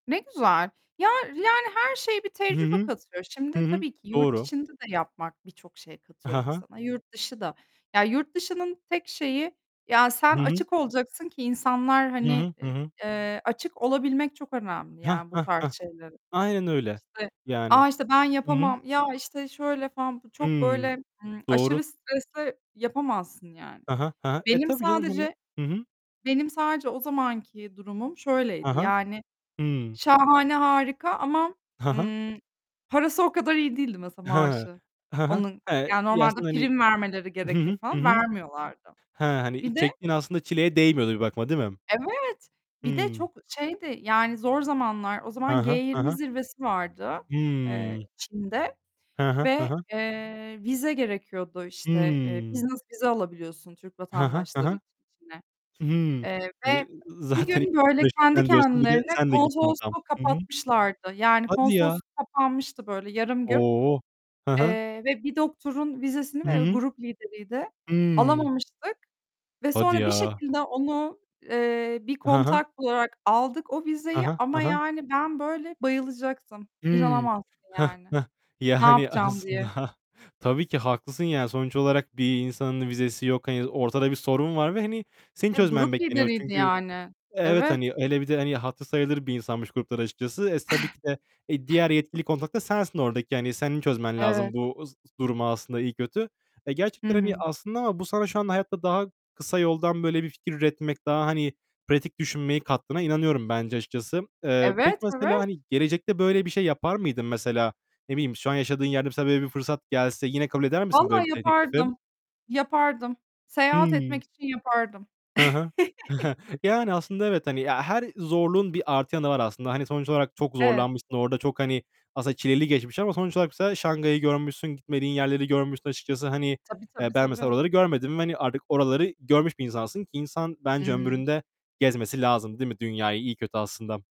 Ne güzel. Ya, yani, her şeye bir Hı tecrübe hı. katıyor. Şimdi, Hı hı. tabii ki yurt Doğru. içinde de yapmak birçok şey katıyor Ha ha. insana. Yurt dışı da, ya, yurt dışının tek şeyi, ya sen Hı hı. açık olacaksın ki insanlar, Hı hani, hı. Hı i hı. eee, açık olabilmek çok önemli, Hah, yani, bu hah, tarz hah. şeylere. Aynen öyle. İşte; Yani. "A, işte, ben Hı hı. yapamam." ya, işte; "Şöyle falan." bu çok Hıı. böyle, ımm, Doğru. aşırı stresli, yapamazsın, yani. Hı hı. Hı hı. E, Benim tabii, canım hani. sadece Hı hı. benim sadece o zamanki durumum Hı şöyleydi, hı. yani, Hıı. şahane harika ama Hı hı. ımm parası o kadar iyi değildi, mesela, Hıı. maaşı. He he, Onun, he ya, Ya, normalde aslında hani prim vermeleri Hı gerekir hı. Hı falan, hı. vermiyorlardı. He, hani, i Bir de çektiğin aslında çileye değmiyordu bir bakıma, değil mi? Evet, bir de Hıı. çok şeydi, yani, zor zamanlar o He zaman he, he G20 he. zirvesi vardı, eee, Hıı. Çin'de Hı hı. Hı ve, hı. eee, vize gerekiyordu, işte, eee, Hıı. business vize alabiliyorsun Türk He he, he vatandaşları he. için Çin'e, Hıı. eee, Hani, ve ı 1 zaten gün böyle kendi [unintelligible] diyorsun. Bir de kendilerine sen de gittin tam. konsolosluğu Hı hı. kapatmışlardı. Yani, Hadi ya. konsolosluk kapanmıştı böyle yarım gün, O! Hı hı. eee, ve bir doktorun vizesini Hı ve hı. grup lideriydi, Hıı. alamamıştık ve Hadi sonra bir ya. şekilde onu, eee, bir He he. kontak bularak aldık o He vizeyi he, ama, he he. yani, ben böyle bayılacaktım. Hıı. İnanamazsın, Heh, yani, heh. Yani, "Ne" hani, "yapacağım?" diye. aslında, tabii ki haklısın, yani, sonuç olarak bir insanın vizesi yok. Hani, ortada bir sorun var ve hani senin E, çözmen grup bekleniyor. lideriydi Çünkü yani. evet, Evet. hani, hele bir de, hani, hatırı sayılır bir insanmış grupları, açıkçası. Es tabii ki de e diğer yetkili kontak da sensin oradaki. Yani, senin çözmen Evet. lazım bu s z durumu, aslında, iyi kötü. E, Hı gerçekten, hani, hı. aslında ama bu sana şu anda hayatta daha kısa yoldan böyle bir fikir üretmek, daha, hani, pratik düşünmeyi kattığına inanıyorum bence, açıkçası. Eee, peki Evet, mesela, evet. hani, gelecekte böyle bir şey yapar mıydın, mesela? Ne bileyim, şu an yaşadığın yerde mesela böyle bir fırsat gelse yine kabul eder misin böyle bir Vallahi de teklifi? yapardım. Yapardım. Seyahat Hıı. etmek için yapardım. Hı hı. Yani, aslında, evet, hani, ya, her zorluğun bir artı yanı var, aslında. Hani, sonuç olarak çok Evet. zorlanmışsın. Orada çok, hani, aslında çileli geçmiş ama sonuç olarak, mesela, Şanghay'ı görmüşsün, gitmediğin yerleri görmüşsün, açıkçası. Hani, Tabii, tabii, e ben, mesela, tabii. oraları görmedim ve hani artık oraları görmüş bir insansın ki insan, bence, Hıı. ömründe gezmesi lazım, değil mi, dünyayı iyi kötü, aslında.